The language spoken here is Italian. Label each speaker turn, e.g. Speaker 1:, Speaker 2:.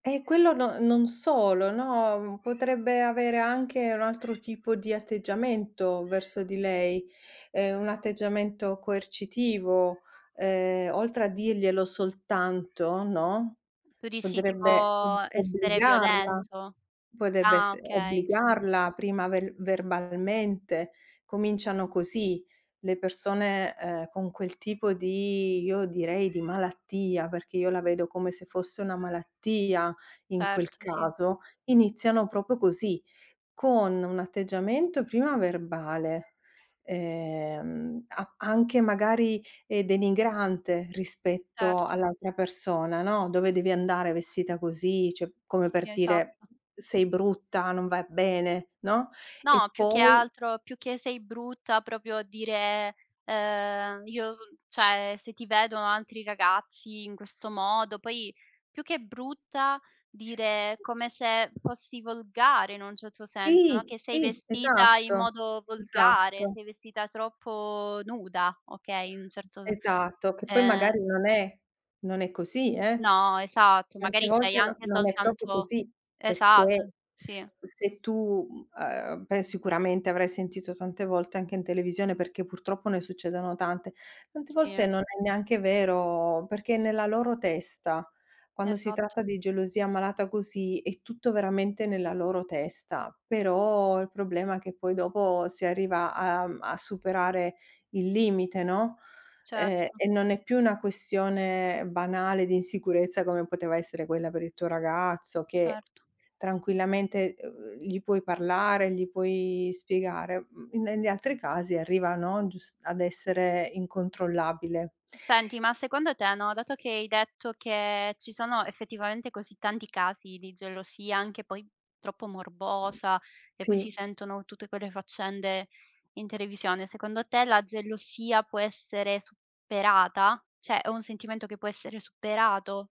Speaker 1: Eh, quello no non solo, no, mhmm, potrebbe avere anche un altro tipo di atteggiamento verso di lei, ehm, un atteggiamento coercitivo. Ehm, oltre a dirglielo soltanto, no,
Speaker 2: Tu dici tipo,
Speaker 1: potrebbe o
Speaker 2: essere
Speaker 1: obbligarla,
Speaker 2: violento?
Speaker 1: potrebbe
Speaker 2: Ah,
Speaker 1: esse
Speaker 2: okay, sì.
Speaker 1: obbligarla prima ver verbalmente. Cominciano così le persone, ehm, con quel tipo di io direi di malattia, perché io la vedo come se fosse una malattia in quel
Speaker 2: Certo, sì.
Speaker 1: caso, iniziano proprio così, con un atteggiamento prima verbale, ehm, a anche magari, ehm, denigrante rispetto
Speaker 2: Certo.
Speaker 1: all'altra persona, no. "Dove devi andare vestita così?" Cioè, come
Speaker 2: Sì,
Speaker 1: per dire:
Speaker 2: esatto.
Speaker 1: "Sei brutta, non vai bene", no; e
Speaker 2: No, più che
Speaker 1: poi
Speaker 2: altro, più che sei brutta, proprio dire, ehm: "Io so l" cioè, "se ti vedono altri ragazzi in questo modo" poi più che brutta dire come se fossi volgare in un certo senso, no,
Speaker 1: Sì!
Speaker 2: che sei
Speaker 1: Sì,
Speaker 2: vestita in
Speaker 1: esatto,
Speaker 2: modo volgare,
Speaker 1: esatto.
Speaker 2: sei vestita troppo nuda, okay. In un certo d
Speaker 1: Esatto, che poi
Speaker 2: ehm
Speaker 1: magari non è non è così, eh.
Speaker 2: No, esatto.
Speaker 1: Tante
Speaker 2: Magari c'hai
Speaker 1: volte
Speaker 2: anche
Speaker 1: no non è proprio
Speaker 2: soltanto
Speaker 1: così,
Speaker 2: esatto,
Speaker 1: perché
Speaker 2: sì.
Speaker 1: se tu, mhmm, ehm, pen sicuramente avrai sentito tante volte anche in televisione, perché purtroppo ne succedono tante. Tante volte
Speaker 2: Sì.
Speaker 1: non è neanche vero, perché è nella loro testa. Quando si
Speaker 2: Esatto.
Speaker 1: tratta di gelosia malata così è tutto veramente nella loro testa. Però il problema è che poi dopo si arriva a a m a superare il limite, no, ehm,
Speaker 2: Certo.
Speaker 1: e non è più una questione banale di insicurezza come poteva essere quella per il tuo ragazzo, che
Speaker 2: Certo.
Speaker 1: tranquillamente, uh uhm, gli puoi parlare, gli puoi spiegare. Mhmm, negli altri casi arriva, no, gius ad essere incontrollabile.
Speaker 2: Senti, ma secondo te, no, dato che hai detto che ci sono effettivamente così tanti casi di gelosia, anche poi troppo morbosa, e poi si
Speaker 1: Sì.
Speaker 2: sentono tutte quelle faccende in televisione, secondo te la gelosia può essere superata? Cioè, è un sentimento che può essere superato?